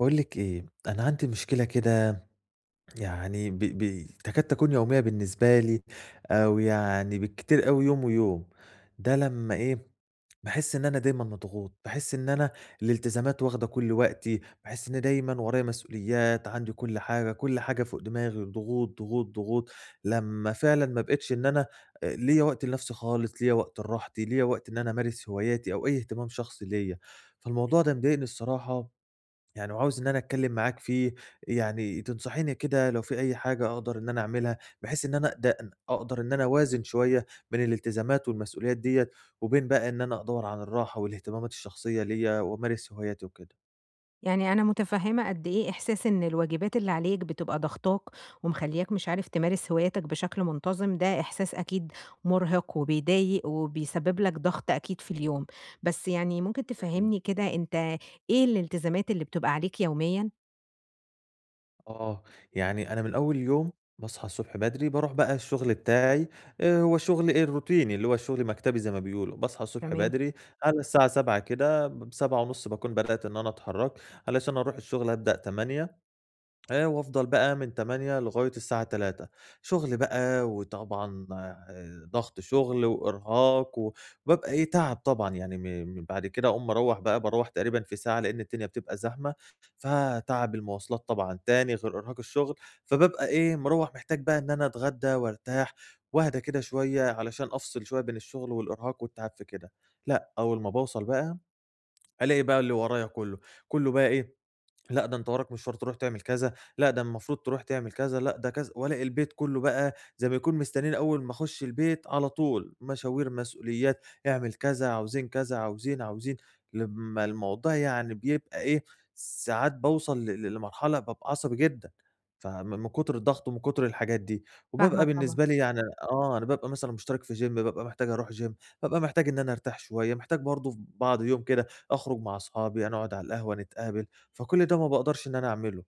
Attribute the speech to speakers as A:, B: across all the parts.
A: باقول لِك إيه، أنا عندي مشكلة كده يعني ب ب تكاد تكون يومية بالنسبة لي، أو يعني بالكتير أوي يوم ويوم، ده لمّا إيه باحس إن أنا دايمًا مضغوط، باحس إن أنا الالتزامات واخدة كُلّ وقتي، باحس إني دايمًا ورايا مسؤوليات، عندي كُلّ حاجة، كُلّ حاجة فوق دماغي، ضغوط، ضغوط، ضغوط، لمّا فعلًا ما بقيتش إن أنا ليّا وقت لنَفسي خالص، ليّا وقت لراحتي، ليّا وقت إن أنا أمارس هواياتي أو أيّ اهتمام شخصي ليّا. فالموضوع ده مضايقني الصراحة يعني وعاوز إن أنا أتكلم معاك في يعني تنصحيني كده لو في أيّ حاجة أقدر إن أنا أعملها، بحيث إن أنا د أقدر إن أنا أوازن شوية بين الالتزامات والمسؤوليات ديّة، وبين بقى إن أنا أدوّر على الراحة والاهتمامات الشخصية ليّا وأمارس هواياتي وكده.
B: يعني أنا مُتفهمة قدّ إيه إحساس إن الواجبات اللي عليك بتبقى ضاغطاك ومخلّياك مش عارف تمارس هواياتك بشكل منتظم، ده إحساس أكيد مُرهق وبيضايق وبيسبب لك ضغط أكيد في اليوم، بس يعني ممكن
A: إمم.
B: تفهّمني كده أنت إيه الالتزامات اللي بتبقى عليك يوميًا؟
A: آه. يعني أنا من أول اليوم، باصحى الصبح بدري باروح بقى الشُغل بتاعي، آآ هو الشُغل إيه الروتيني، اللي هو الشُغل المكتبي زي ما بيقولوا. باصحى الصبح
B: تمام.
A: بدري على الساعة 07:00 كده ب 07:30 باكون بدأت إن أنا أتحرّك علشان أروح الشُغل أبدأ 08:00 آآ وأفضل بقى من 08:00 لغاية الساعة 15:00. شُغل بقى وطبعًا آآ ضَغَط شُغل وإرهاق، وبابقى إيه، تَعَب طبعًا يعني م بعد كده أقوم مروّح بقى باروح تقريبًا في ساعة، لإن الدنيا بتبقى زحمة. فتَعَب المواصلات طبعًا تاني غير إرهاق الشُغل، فبابقى إيه، مروّح محتاج بقى إن أنا أتغدّى وأرتاح وأهدي كده شوية علشان أفصِل شوية بين الشُغل والإرهاق والتَعَب في كده. لأ، أول ما باوصَل بقى، ألاقي بقى اللي ورايا كُلّه، كُلّه بقي إيه، لأ ده أنت وراك مشوار تروح تعمل كذا، لأ ده المفروض تروح تعمل كذا، لأ ده كذا والاقي البيت كُلّه بقى زي ما يكون مستنّيين أول ما أخُش البيت على طول مشاوير، مسؤوليات، اعمل كذا، عاوزين كذا، عاوزين، عاوزين، لمّا الموضوع يعني بيبقى إيه، ساعات باوصل ل لمرحلة بابقى عصبي جدًا، فم من كُتر الضَغَط ومن كُتر الحاجات دي.
B: فاهمة
A: وبابقى
B: طبعًا.
A: بالنسبة لي يعني آه، أنا بابقى مثلًا مُشترِك في gym، بابقى محتاج أروح gym، بابقى محتاج إن أنا أرتاح شوية، محتاج برضه ف بعض يوم كده أخرُج مع اصحابي، نقعُد على القهوة، نتقابل، فكل ده ما باقدرش إن أنا أعمله.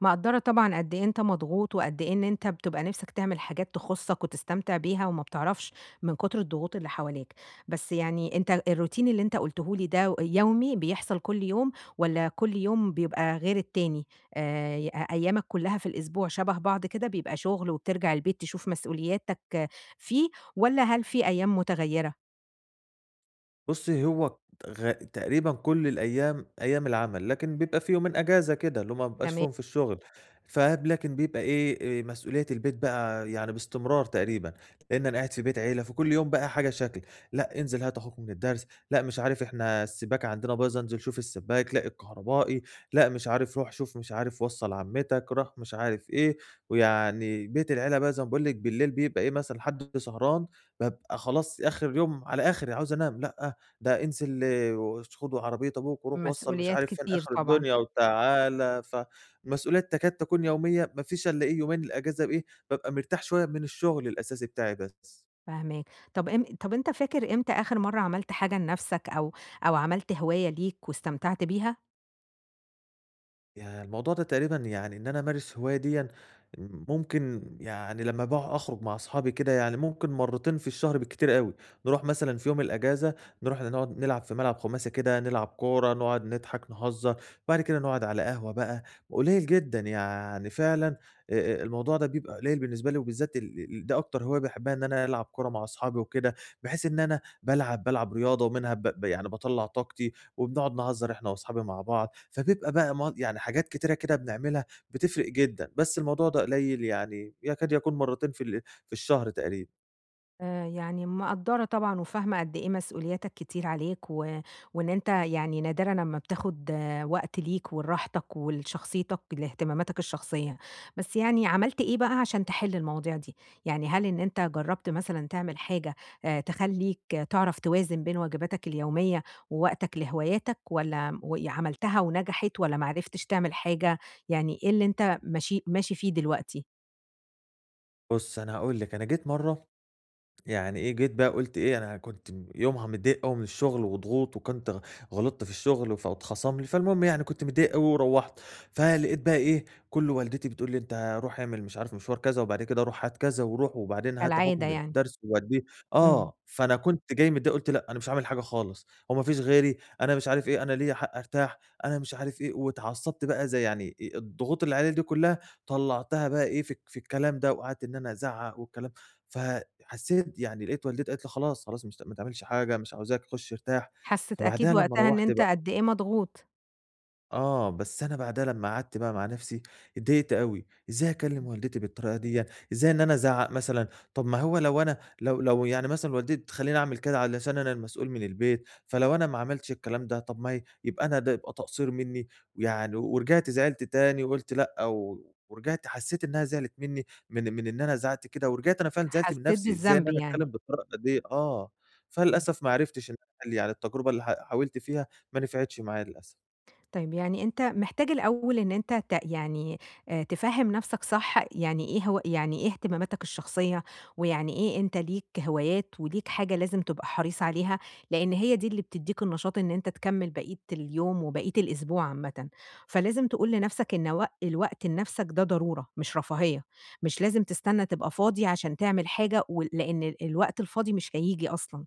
B: مقدرة طبعًا قدّ إيه أنت مضغوط، وقدّ إيه إن أنت بتبقى نِفسك تعمل حاجات تخصّك وتستمتع بها وما بتعرفش من كتر الضغوط اللي حواليك، بس يعني أنت الroutine اللي أنت قُلته لي ده يومي، بيحصل كُلّ يوم، والّا كُلّ يوم بيبقى غير التاني؟ آآ، ي أيامك كلّها في الأسبوع شبه بعض كده بيبقى شغل وبترجع البيت تشوف مسؤولياتك فيه، والّا هل في أيام مُتَغَيرة؟
A: بُصّي هو غا تقريبًا كُلّ الأيام أيام العمل، لكن بيبقى في يومين إجازة كده، اللي هُم ما بيبقاش
B: تما
A: فيهم في الشغل، فاهم، لكن بيبقى إيه آآ، مسؤولية البيت بقى يعني باستمرار تقريبًا، لأن أنا قاعد في بيت عيلة، فكُلّ يوم بقى حاجة شكل: لأ انزل هات أخوك من الدرس، لأ مش عارف إحنا السباكة عندنا بايظة انزل شوف السباك، لأ الكهربائي، لأ مش عارف رُوح شوف مش عارف وصّل عمتك، رُوح مش عارف إيه، ويعني بيت العيلة بقى زي ما باقول لِك بالليل بيبقى إيه مثلًا حد سهران بابقى خلاص آخر اليوم على آخري، عاوز أنام، لأ ده انزل وش خد عربية أبوك وروح وصّل مش
B: مسؤوليات
A: عارف فين
B: كتير
A: آخر
B: طبعًا.
A: الدنيا وتعالَ، ف مسؤوليات تكاد تكون يومية، ما فيش إلا إيه يومين الإجازة إيه بابقى مرتاح شوية من الشغل الأساسي بتاعي بس.
B: فاهماك، طب أم طب أنت فاكر إمتى آخر مرة عملت حاجة لنَفسك، أو أو عملت هواية ليك واستمتعت بيها؟
A: ياه! الموضوع ده تقريبًا يعني إن أنا أمارس هواية ديًا، م ممكن يعني لمّا بقى أخرج مع اصحابي كده، يعني ممكن مرّتين في الشهر بالكتير أوي، نروح مثلًا في يوم الإجازة، نروح ن نقعُد نلعب في ملعب خُماسي كده، نلعب كورة، نقعُد نضحك، نهزّر. بعد كده نقعُد على قهوة بقى، قليّل جدًا يعني فعلًا آآ، آآ الموضوع ده بيبقى قليّل بالنسبة لي وبالذات ال ال ده أكتر هواية باحبّها إن أنا ألعب كورة مع اصحابي وكده، بحيث إن أنا بالعب بالعب رياضة ومنها ب ب يعني باطلّع طاقتي وبنقعُد نهزّر إحنا واصحابي مع بعض، فبيبقى م بقى يعني حاجات كتيرة كده بنعملها بتفرق جدًا، بس الموضوع ده قليّل يعني يكاد يكون مرّتين في ال في الشهر تقريبًا.
B: آآ، يعني مِقدّرة طبعًا وفاهمة قد إيه مسؤولياتك كتير عليك و وإن أنت يعني نادرًا أمّا بتاخُد وقت ليك ولراحتك ولشخصيتك، لإهتماماتك الشخصية. بس يعني عملت إيه بقى عشان تحِل المواضيع دي؟ يعني هل إن أنت جرّبت مثلًا تعمل حاجة آآ تخلّيك تعرف توازن بين واجباتك اليومية ووقتك لهواياتك والّا وي عملتها ونَجَحِت والّا ما عرفتش تعمل حاجة؟ يعني إيه اللي أنت مشي ماشي فيه دلوقتي؟
A: بُصي، أنا هاقول لِك، أنا جيت مرة، يعني إيه، جيت بقى قُلت إيه أنا كنت يومها متضايق أوي من الشُّغل وضغوط، وكنت غ غلِطت في الشُّغل فاتخصم لي، فالمُهم يعني كنت متضايق أوي ورُوّحت، فلقيت بقى إيه، كُلُّه والدتي بتقول لي أنتَ رُوح اعمل مش عارف مشوار كذا، وبعد كده رُوح هات كذا، وروح، وبعدين هات أخوك
B: كالعاده
A: من
B: يعني.
A: الدّرس ووديه،
B: إمم.
A: آه، فأنا كنت جاي متضايق، قُلت لأ، أنا مش عامل حاجة خالص، هو ما فيش غيري، أنا مش عارف إيه، أنا ليّا حق أرتاح، أنا مش عارف إيه، وأتعصّبت بقى، زي يعني أ-أ الضغُوط اللي عليّا دي كُلّها طلّعتها بقى إيه في الك الكلام ده، وقعدت إن أنا أزعق والكلام ف حسّيت يعني لقيت والدتي قالت لي خلاص، خلاص، مش ما تعملش حاجة، مش عاوزاك، خُشّ أرتاح.
B: حسّيت أكيد
A: فبعدها، لمّا
B: وقتها إن
A: رُوَّحت
B: أنتَ
A: بقى
B: قد إيه مضغوط.
A: آه، بس أنا بعدها لمّا قعدت بقى مع نفسي، أتضايقت أوي، إزاي أكلِّم
B: إمم.
A: والدتي بالطريقة ديّة؟ إزاي إن أنا أزعق مثلًا؟ طب ما هو لو أنا لو لو يعني مثلاً والدتي تخلِّيني اعمل كده علشان أنا المسؤول من البيت، فلو أنا ما عملتش الكلام ده، طب ما هي يبقى أنا ده يبقى تقصير مِنِّي، يعني ورجعت زعلت تاني، وقُلت لأ، و ورجعت حسّيت إنها زعلت مِنِّي، من-من إن أنا زعقت كده، ورجعت أنا فعلاً زعلت من
B: حسّيت
A: نفسي. إزاي إن
B: بالذنب،
A: أنا
B: يعني.
A: أتكلِّم بالطريقة ديّه؟ آه،
B: إمم.
A: فللأسف ما عرفتش اللي قال لي على التجربة اللي ح حاولت فيها مانِفعتش معايا، للأسف.
B: طيب يعني أنت محتاج الأول إن أنت ت يعني، آآ، تفهّم نَفْسك صح يعني إيه هو يعني إيه اهتماماتك الشخصية، ويعني إيه أنت ليك هوايات وليك حاجة لازم تبقى حريص عليها، لأن هي دي اللي بتديك النشاط إن أنت تكَمّل بقيّة اليوم وبقيّة الأسبوع عامةً. فلازم تقول لنَفْسك إن وق الوقت لنَفْسك ده ضرورة مش رفاهية، مش لازم تستنى تبقى فاضي عشان تعمل حاجة و لأن ال الوقت الفاضي مش هييجي أصلًا.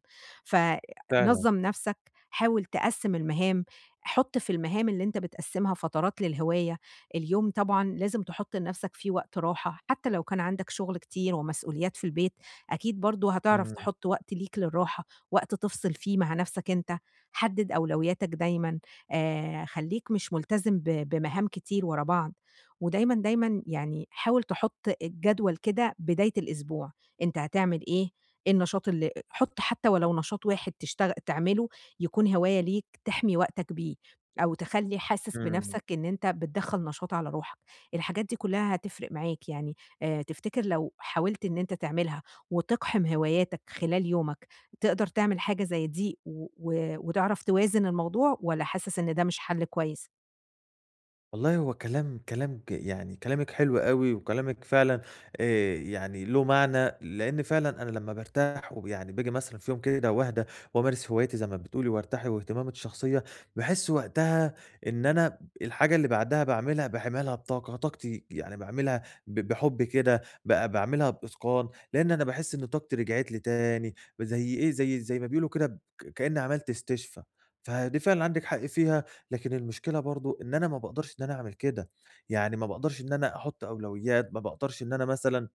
A: فعلًا.
B: فنظّم نَفْسك، حاول تقسِّم المهام، حُط في المهام اللي أنت بتقسِّمها فترات للهواية. اليوم طبعًا لازم تحُط لنَفسك فيه وقت راحة، حتى لو كان عندك شغل كتير ومسؤوليات في البيت، أكيد برضو هتعرَف
A: إمم.
B: تحط وقت ليك للراحة، وقت تِفصِل فيه مع نَفْسك أنت، حدد أولوياتك دايمًا، آآ، خلّيك مش ملتزم ب بمهام كتير وراء بعض، ودايمًا، دايمًا يعني حاول تحط الجدول كده بداية الأسبوع، أنت هتعمل إيه، إيه النشاط اللي أ حط حتى ولو نشاط واحد تشتغل تعمله يكون هواية ليك تحمي وقتك بيه أو تخلّي حاسس
A: إمم.
B: بنَفْسك إن أنت بتدَخل نشاط على روحك، الحاجات دي كلّها هتفرِق معاك يعني، آآ، تفتكر لو حاولت إن أنت تعملها وتِقحم هواياتك خلال يومك، تقدر تعمل حاجة زي دي و و وتعرف توازن الموضوع، والّا حاسس إن ده مش حَلّ كويس؟
A: والله هو كلام كلام ج يعني كلامِك حلو أوي، وكلامِك فعلا آآ يعني له معنى، لإن فعلًا أنا لمّا بارتاح ويعني باجي مثلًا في يوم كده واهدا، وامارس هواياتي زي ما بتقولي وارتاح واهتماماتي الشخصية، باحس وقتها إن أنا ب الحاجة اللي بعدها باعملها باعملها بطاقة طاقتي، يعني باعملها ب بحُب كده ب باعملها بإتقان، لإن أنا باحس إن طاقتي رِجعِت لي تاني، زي إيه زي زي ما بيقولوا كده ب كإني عملت استشفا، فدي فعلًا عندِك حق فيها، لكن المشكلة برضه إن أنا ما باقدرش إن أنا أعمل كده، يعني ما باقدرش إن أنا احط أولويات، ما باقدرش إن أنا مثلًا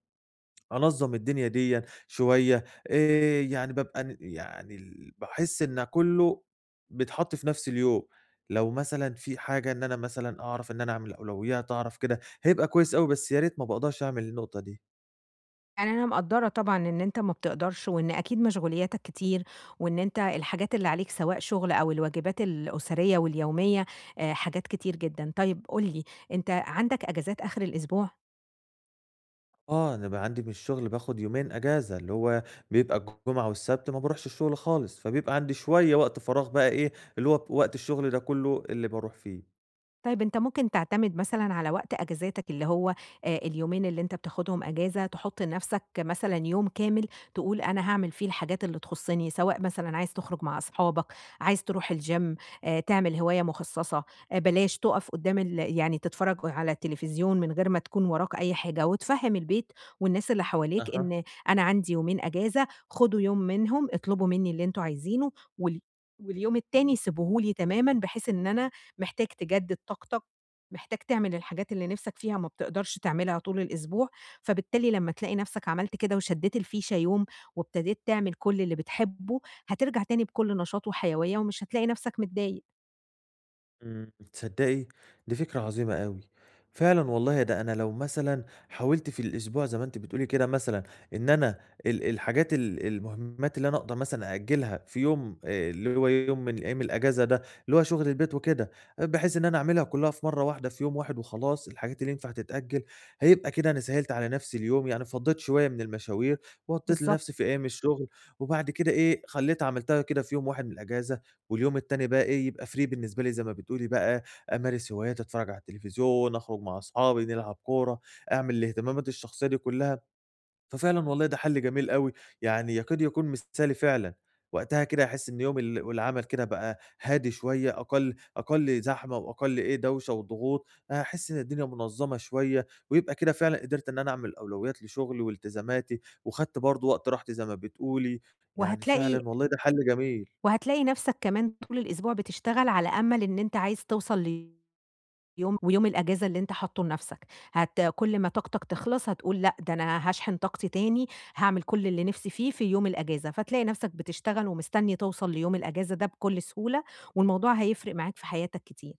A: أنظّم الدنيا ديّة شوية، آآ يعني بابقى يعني باحس إن كلّه بيتحط في نفْس اليوم، لو مثلًا في حاجة إن أنا مثًلًا أعرف إن أنا أعمل أولويات أعرف كده، هيبقى كويس أوي بس يا ريت ما باقدرش أعمل النقطة دي.
B: يعني أنا مقدّرة طبعًا إن أنتَ ما بتقدرش، وإن أكيد مشغولياتك كتير، وإن أنت الحاجات اللي عليك سواء شغل أو الواجبات الأسرية واليومية، آآ حاجات كتير جدًا، طيب قُل لي، أنتَ عندك إجازات آخر الأسبوع؟
A: آه، أنا بقى عندي من الشغل باخد يومين أجازة، اللي هو بيبقى الجمعة والسبت ما باروحش الشغل خالص. فبيبقى عندي شوية وقت فراغ بقى إيه، اللي هو وقت الشغل ده كلّه اللي باروح فيه.
B: طيب أنت ممكن تعتمد مثلًا على وقت أجازاتك اللي هو آآ، اليومين اللي أنت بتاخدهم أجازة تحط لنَفسك مثلًا يوم كامل، تقول أنا هاعمل فيه الحاجات اللي تخصّني، سواء مثلًا عايز تخرج مع أصحابك، عايز تروح الgym، آآ، تعمل هواية مخصّصة آآ، بلاش تقف قدام ال يعني تتفرّج على التليفزيون من غير ما تكون وراك أي حاجة، وتفهّم البيت والناس اللي حواليك
A: أها.
B: إن أنا عندي يومين أجازة، خدوا يوم منهم، اطلبوا منّي اللي أنتم عايزينه، والي واليوم التاني سيبوه لي تمامًا، بحيث إن أنا محتاج تجدد طاقتك، محتاج تعمل الحاجات اللي نِفسك فيها ما بتقدرش تعملها طول الأسبوع، فبالتالي لمّا تلاقي نَفسك عملت كده، وشدّيت الفيشة يوم وابتديت تعمل كلّ اللي بتحبه، هاترجع تاني بكُلّ نشاط وحيوية ومش هاتلاقي نَفسك متضايق.
A: إمم، تصدّقي دي فكرة عظيمة أوي! فعلًا والله ده أنا لو مثلًا حاولت في الأسبوع زي ما أنتِ بتقولي كده مثلًا، إن أنا ال الحاجات ال المهمات اللي أنا أقدر مثلًا أأجلها في يوم آآ، اللي هو يوم من أيام الأجازة ده، اللي هو شغل البيت وكده، بحيث إن أنا أعملها كلّها في مَرّة واحدة، في يوم واحد وخلاص، الحاجات اللي ينفع تتأجل هيبقى كده أنا سهّلت على نَفسي اليوم، يعني فضّيت شوية من المشاوير وغطّيت
B: بالضبط.
A: لنَفسي في أيام الشغل، وبعد كده إيه خلّيت عملتها كده في يوم واحد من الأجازة، واليوم التاني بقى إيه، يبقى free بالنسبة لي زي ما بتقولي بقى أمارس هواياتي، أتفرج على التلفزيون، أخرج مع صحابي، نلعب كورة، أعمل الاهتمامات الشخصية دي كلّها، ففعلًا والله ده حلّ جميل أوي، يعني يكاد يكون مثالي فعلًا، وقتها كده هاحس إن يوم ال والعمل كده بقى هادي شوية، أقل أقل زحمة وأقل إيه، دوشة وضغوط، هاحس إن الدنيا منظَمة شوية، ويبقى كده فعلًا قدرت إن أنا أعمل أولويات لشغلي والتزاماتي، وخدت برضو وقت راحتي زي ما بتقولي، يعني
B: وهاتلاقي
A: فعلًا والله ده حلّ جميل.
B: وهاتلاقي نَفسك كمان طول الأسبوع بتشتغل على أمل إن أنت عايز توصل ليوم ويوم الأجازة اللي أنت حاطّه لنَفسك. هت كُلّ ما طاقتك تخلص هتقول لأ، ده أنا هاشحن طاقتي تاني، هاعمل كُلّ اللي نِفسي فيه في يوم الأجازة، فتلاقي نَفسك بتشتغل ومستني توصل ليوم الأجازة ده بكُلّ سهولة، والموضوع هيفرق معاك في حياتك كتير.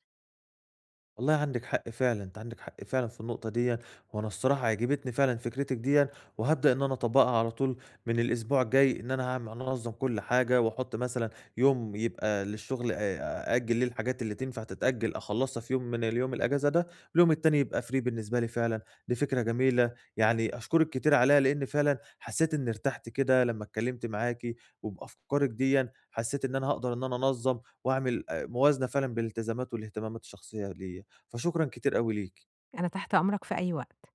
A: والله عندِك حقّ فعلًا، أنتِ عندِك حقّ فعلًا في النقطة ديًّا، وأنا الصراحة عجبتني فعلًا فكرتِك ديًّا، وهابدأ إن أنا أطبقها على طول من الأسبوع الجاي، إن أنا هاعم هانظم كُلّ حاجة، وأحط مثلًا يوم يبقى للشغل آآ، أأجل ليه الحاجات اللي تنفع تتأجل، أخلّصها في يوم من اليوم الأجازة، واليوم التاني يبقى free بالنسبة لي فعلًا. دي فكرة جميلة، يعني أشكرِك كتير عليها لأني فعلًا حسّيت إني ارتحت كده لمّا اتكلمت معاكِ، وبأفكارِك ديًّا حسّيت إن أنا هاقدر إن أنا أنظم واعمل آآ، موازنة فعلًا بين الالتزامات والاهتمامات الشخصية ليّا، فشكرًا كتير أوي ليكِ.
B: أنا تحت أمرك في أي وقت.